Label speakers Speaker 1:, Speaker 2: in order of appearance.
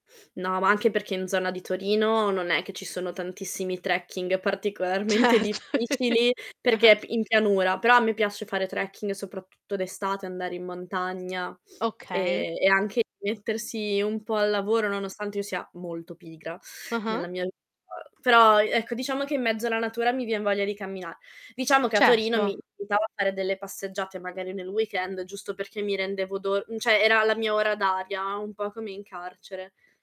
Speaker 1: No, ma anche perché in zona di Torino non è che ci sono tantissimi trekking particolarmente
Speaker 2: Certo.
Speaker 1: difficili
Speaker 2: Ah-ah.
Speaker 1: perché p in pianura. Però a me piace fare trekking soprattutto d'estate, andare in montagna
Speaker 2: Okay.
Speaker 1: e e anche mettersi un po' al lavoro, nonostante io sia molto pigra
Speaker 2: Ah-ah.
Speaker 1: nella mia [unintelligible] però, e ecco, diciamo che in mezzo alla natura mi vien voglia di cammina diciamo che a Torino mi
Speaker 2: Certo.
Speaker 1: aiutava a fare delle passeggiate magari nel weekend giusto perché mi rendevo do cioè era la mia ora d'aria, un po' come in carcere.